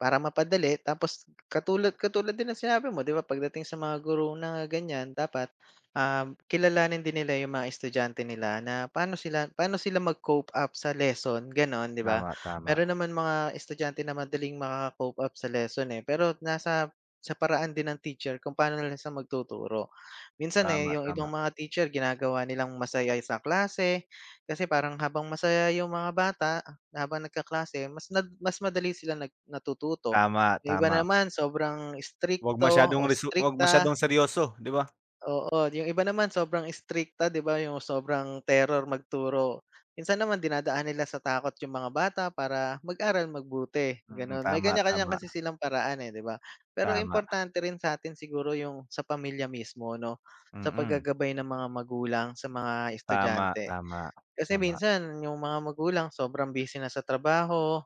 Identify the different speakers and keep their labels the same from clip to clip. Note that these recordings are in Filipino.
Speaker 1: Para mapadali tapos katulad katulad din ng sinabi mo 'di ba, pagdating sa mga guro na ganyan dapat, um, kilalanin din nila yung mga estudyante nila na pa'no sila pa'no sila mag cope up sa lesson, gano'n, 'di ba?
Speaker 2: Tama, tama.
Speaker 1: Mayro'n naman mga estudyante na madaling maka-cope up sa lesson, eh. Pero nasa sa paraan din ng teacher kung pa'no na lang siya magtuturo. Minsan, eh,
Speaker 2: Tama,
Speaker 1: yung ibang
Speaker 2: tama.
Speaker 1: mga teacher ginagawa nilang masaya sa klase kasi parang habang masaya yung mga bata na habang nagkaklase mas nag mas madali sila nag natututo.
Speaker 2: Tama,
Speaker 1: Yung iba
Speaker 2: tama.
Speaker 1: naman sobrang
Speaker 2: 'Wag
Speaker 1: istrikto
Speaker 2: masyadong
Speaker 1: o
Speaker 2: resu 'wag
Speaker 1: istrikta.
Speaker 2: masyadong seryoso 'di ba?
Speaker 1: Oo, yung iba naman sobrang istrikta 'di ba, yung sobrang terror magturo. Minsan naman dinadaan nila sa takot yung mga bata para mag-aral mabuti
Speaker 2: Mhm,
Speaker 1: gano'n. May
Speaker 2: tam,
Speaker 1: kanya-kanya
Speaker 2: tama.
Speaker 1: kasi silang paraan, eh 'di ba? Pero
Speaker 2: Tama.
Speaker 1: importante rin sa'tin siguro yung sa pamilya mismo 'no, sa
Speaker 2: Mm.
Speaker 1: pag-gagabay ng mga magulang sa mga
Speaker 2: Tama,
Speaker 1: estudyante.
Speaker 2: tama,
Speaker 1: Kasi
Speaker 2: tama.
Speaker 1: minsan yung mga magulang sobrang busy na sa trabaho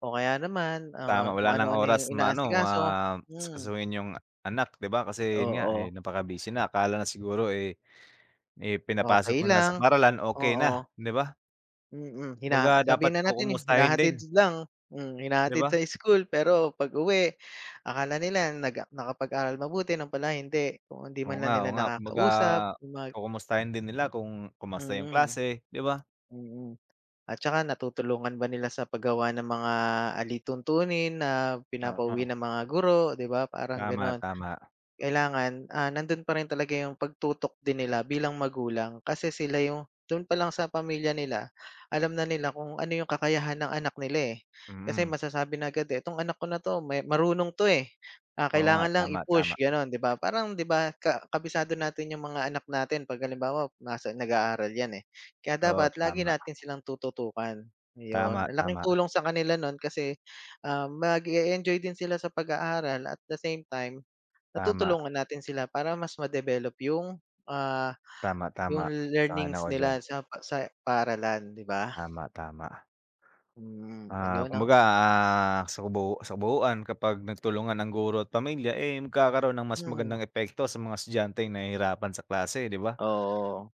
Speaker 1: o kaya naman,
Speaker 2: Tama,
Speaker 1: ah,
Speaker 2: wala
Speaker 1: kung
Speaker 2: ng
Speaker 1: ano-ano
Speaker 2: oras
Speaker 1: yung
Speaker 2: ma-ano ma
Speaker 1: inaasikaso, hmm.
Speaker 2: asikasuhin yung anak 'di ba? Kasi 'yon nga, eh,
Speaker 1: Oo.
Speaker 2: napakabusy na. Akala na siguro, eh, eh,
Speaker 1: Okey
Speaker 2: pinapasok na lang sa
Speaker 1: lang,
Speaker 2: paaralan okey na,
Speaker 1: oo.
Speaker 2: 'di ba?
Speaker 1: Mhm, hina
Speaker 2: 'Baga dapat
Speaker 1: sabihin na natin, eh,
Speaker 2: ku-kumustahin
Speaker 1: hinahatid
Speaker 2: din.
Speaker 1: lang, mm,
Speaker 2: 'Di
Speaker 1: hinahatid
Speaker 2: ba?
Speaker 1: sa school pero pag-uwi akala nila nag nakapag-aral mabuti 'yon pala hindi, kung hindi
Speaker 2: Oo
Speaker 1: man
Speaker 2: nga,
Speaker 1: lang nila
Speaker 2: oo nga, kumbaga
Speaker 1: nakaka-usap mag
Speaker 2: kukumustahin din nila kung kumusta yung
Speaker 1: Mhm,
Speaker 2: klase, 'di ba?
Speaker 1: mm. At saka natutulungan ba nila sa paggawa ng mga alituntunin na
Speaker 2: Ah,
Speaker 1: pinapauwi
Speaker 2: ah.
Speaker 1: ng mga guro 'di ba, parang
Speaker 2: Tama,
Speaker 1: gano'n.
Speaker 2: tama.
Speaker 1: Kailangan, ah, nando'n pa rin talaga yung pagtutok din nila bilang magulang. Kasi sila yung do'n pa lang sa pamilya nila alam na nila kung ano yung kakayahan ng anak nila, eh, kasi
Speaker 2: Mhm.
Speaker 1: masasabi na agad, eh, "itong anak ko na 'to may marunong 'to, eh, ah,
Speaker 2: Oo nga,
Speaker 1: kailangan lang
Speaker 2: tama, tama.
Speaker 1: i-push" gano'n, 'di ba? Parang 'di ba, ka kabisado natin yung mga anak natin, pag halimbawa nasa nag-aaral yan, eh, kaya
Speaker 2: Oo,
Speaker 1: dapat lagi
Speaker 2: tama.
Speaker 1: natin silang tututukan,
Speaker 2: Tama,
Speaker 1: 'yon. Ang laking
Speaker 2: tama.
Speaker 1: tulong sa kanila no'n kasi, ah, mag e-enjoy din sila sa pag-aaral at the same time
Speaker 2: Tama.
Speaker 1: natutulungan natin sila para mas ma-develop yung, ah,
Speaker 2: Tama,
Speaker 1: yung
Speaker 2: tama, sang-ayon
Speaker 1: learnings
Speaker 2: ako diyan.
Speaker 1: nila sa pa sa paaralan 'di ba?
Speaker 2: Tama, tama.
Speaker 1: Hmm,
Speaker 2: Ah,
Speaker 1: ayun 'no.
Speaker 2: kumbaga, ah, sa kabuu sa kabuuan kapag nagtulungan ang guro at pamilya, eh, magkakaroon ng mas
Speaker 1: Mhm.
Speaker 2: magandang epekto sa mga estudyanteng nahihirapan sa klase, 'di ba?
Speaker 1: Oo.